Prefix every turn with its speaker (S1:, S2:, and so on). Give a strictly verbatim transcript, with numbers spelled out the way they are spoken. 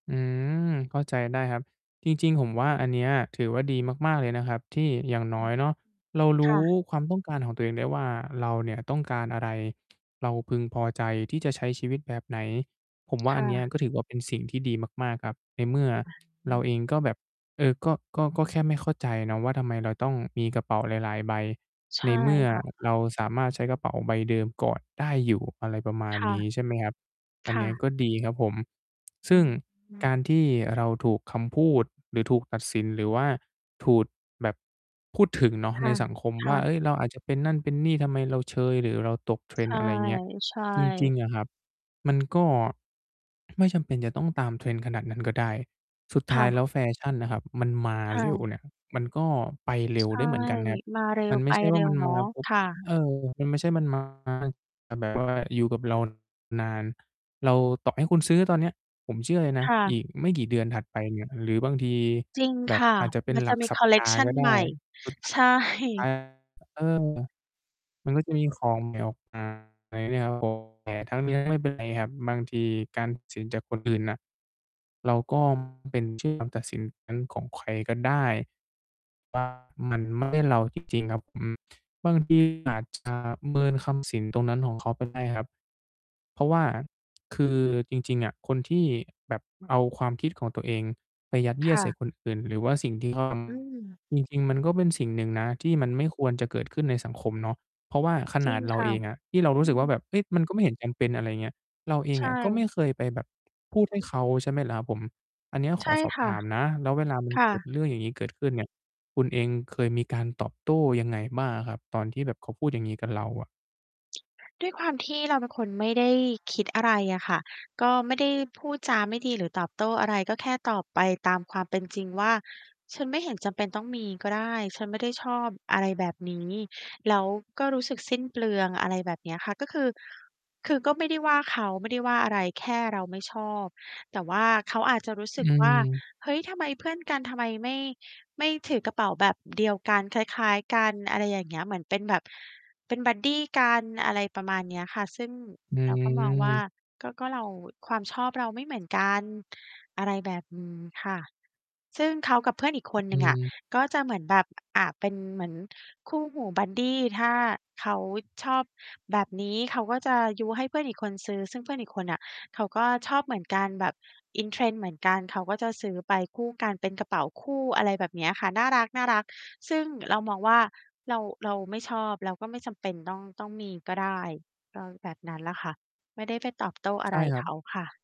S1: อืม เข้าใจได้ครับ จริง ๆ ผมว่าอันเนี้ยถือว่าดีมาก ๆ เลยนะครับ ที่อย่างน
S2: อ
S1: ้
S2: ื
S1: อย
S2: อ
S1: เนาะ เราร
S2: ค
S1: ู
S2: ่
S1: ้
S2: ะ
S1: ความต้องการของตัวเองได้ว่า เราเนี่ยต้องการอะไร เราพึงพอใจที่จะใช้ชีวิตแบบไหน ผมว่า
S2: ค
S1: อั
S2: ่
S1: นเนี้ย
S2: ะ
S1: ก็ถือว่าเป็นสิ่งที่ดีมาก ๆ ครับ ในเมื่อ
S2: อา อ
S1: เร
S2: ื
S1: าเอ
S2: ม
S1: งก็แบบ เออ ก็ ก็ ก็แค่ไม่เข้าใจนะว่าทำไมเราต้องมีกระเป๋าหลาย ๆ ใบ
S2: ใช
S1: ใน
S2: ่
S1: เมื่อ
S2: ค่ะ
S1: เราสามารถใช้กระเป๋าใบเดิมกอดได้อยู่ อะไรประมาณ
S2: ค่ะ
S1: นี้ใช่ไหมครับ อั
S2: ค
S1: นเ
S2: ่
S1: นี้ย
S2: ะ
S1: ก็ดีครับผม ซ
S2: อื
S1: ึ่งก
S2: ม
S1: ารที่เราถูกคำพูดหรือถูกตัดสิน หรือว่าถูด แบบ พูดถึงเนาะ
S2: ค
S1: ใ
S2: ่
S1: น
S2: ะ
S1: สังคม
S2: ค
S1: ว
S2: ่
S1: ่า เอ
S2: ะ
S1: ้ย เราอาจจะเป็นนั่นเป็นนี่ ทำไมเราเชยหรือเราตก
S2: ใช
S1: Trend
S2: ่
S1: อะไรอย่างเงี้ย
S2: ใช่
S1: จริง ๆ อะครับ มันก็ ไม่จำเป็นจะต้องตาม Trend ขนาดนั้นก็ได้ สุดท
S2: ค
S1: ้
S2: ่
S1: ายแล้
S2: ะ
S1: วแฟชั่นนะครับมันมา
S2: ค่
S1: เร็ว
S2: ะ
S1: เนี่ย มันก็ไปเร็
S2: ใช
S1: วได
S2: ่
S1: ้เหมือนกันนะครับ
S2: มาเร็
S1: มั
S2: ว
S1: นไม
S2: ไป
S1: ่ใช่ว
S2: เร
S1: ่
S2: ็
S1: าม
S2: ว
S1: ัน
S2: เน
S1: ม
S2: าะ
S1: า ปุ๊บ
S2: ค่ะ
S1: เออ มันไม่ใช่มันมา แบบว่าอยู่กับเรา นาน เรา ต่อให้คุณซื้อตอนเนี้ยผมเชื่อเลยน
S2: ค
S1: ะ
S2: ่ะ
S1: อีกไม่กี่เดือนถัดไปเนี่ย หรือบางที
S2: จริง
S1: แบ
S2: ค
S1: บ
S2: ่ะ
S1: อาจจะเป็
S2: ม
S1: น
S2: ัน
S1: ห
S2: จ
S1: ล
S2: ะ
S1: ัก
S2: มี
S1: สั
S2: ค
S1: ป
S2: อลเล
S1: ด
S2: ก
S1: าห
S2: ช
S1: ์
S2: ั
S1: ก
S2: น
S1: ็ไ
S2: ใ
S1: ด
S2: หม
S1: ้
S2: ่
S1: สุด
S2: ใช
S1: ท
S2: ่
S1: ้าย อ เออ มันก็จะมีของใหม่ออกมา แต่ทั้งนี้ไม่เป็นไรครับ บางทีการตัดสินจากคนอื่นน่ะ เราก็ไม่จำเป็นเชื่อการตัดสินของใครก็ได้ มันไม่ใช่เราจริง ๆ ครับ อืม บางทีอาจจะเมินคำสินตรงนั้นของเขาไปได้ครับ เพราะว่าคือจริง ๆ อะ คนที่แบบเอาความคิดของตัวเองไป
S2: ค่ะ
S1: ยัดเยียดใส่คนอื่นหร
S2: อื
S1: ือว่
S2: ม
S1: า สิ่งที่เขาทำ จริง ๆ มันก็เป็นสิ่งหนึ่งนะที่มันไม่ควรจะเกิดขึ้นในสังคมเนาะ เพราะว่าข
S2: จ
S1: น
S2: ริ
S1: า
S2: ง
S1: ดเร
S2: ค
S1: า
S2: ่
S1: เ
S2: ะ
S1: องอะ ที่เรารู
S2: อ
S1: ้
S2: ื
S1: สึกว่
S2: ม
S1: าแบบ เฮ้ย มันก็ไม่เห็นจำเป็น อะไรอย่างเงี้ย เราเอ
S2: ใ
S1: ง
S2: ช
S1: ก็ไม
S2: ่
S1: ่เคยไปแบบพูดให้เขาใช่ไหมล่ะครับผม? อันเนี้ย
S2: ใ
S1: ข
S2: ช
S1: อ
S2: ่
S1: สอบ
S2: ค่
S1: ถ
S2: ะ
S1: ามนะ แล้วเวลา มัน
S2: ค่
S1: เกิด
S2: ะ
S1: เรื่องอย่างนี้เกิดขึ้นเนี่ย คุณเองเคยมีการตอบโต้ยังไงบ้างอะครับ ตอนที่แบบเขาพูดอย่างนี้กับเราอะ?
S2: ด้วยความที่เราเป็นคนไม่ได้คิดอะไรอะค่ะ ก็ไม่ได้พูดจาไม่ดีหรือตอบโต้อะไร ก็แค่ตอบไปตามความเป็นจริงว่า "ฉันไม่เห็นจำเป็นต้องมีก็ได้ ฉันไม่ได้ชอบอะไรแบบนี้ แล้วก็รู้สึกสิ้นเปลือง" อะไรแบบเนี้ยค่ะ ก็คือ คือก็ไม่ได้ว่าเขา ไม่ได้ว่าอะไร แค่เราไม่ชอบ แต่ว่าเขาอาจจะรู้ส
S1: อ
S2: ึกว่า
S1: ืม
S2: เฮ้ย ทำไมเพื่อนกัน ทำไมไม่ ไม่ถือกระเป๋าแบบเดียวกัน คล้าย ๆ กัน อะไรอย่างเงี้ย เหมือนเป็นแบบ เป็นบัดดีกัน อะไรประมาณเนี้ยค่ะ ซึ่ง
S1: อื
S2: เราก็มองว่า
S1: ม
S2: ก็ ก็เรา ความชอบเราไม่เหมือนกัน อะไรแบบนี้ค่ะ ซึ่งเขากับเพื่อนอีกคนห
S1: อ
S2: น
S1: ื
S2: ึ่งอะ
S1: ม
S2: ก็จะเหมือนแบบ อา เป็นเหมือนคู่หูบัดดี ถ้าเขาชอบแบบนี้เขาก็จะยุให้เพื่อนอีกคนซื้อ ซึ่งเพื่อนอีกคนน่ะ เขาก็ชอบเหมือนกันแบบ In trend เหมือนกันเขาก็จะซื้อไปคู่กันเป็นกระเป๋าคู่ อะไรแบบเนี้ยค่ะ น่ารัก น่ารัก ซึ่งเรามองว่าเรา เราไม่ชอบ เราก็ไม่จำเป็นต้อง ต้องมีก็ได้ ก็แบบนั้นแหละค่ะ ไม่ได้ไปตอบโต้อะ
S1: ใช
S2: ไ
S1: ่
S2: ร
S1: คร
S2: เ
S1: ั
S2: ข
S1: บ
S2: าค่ะ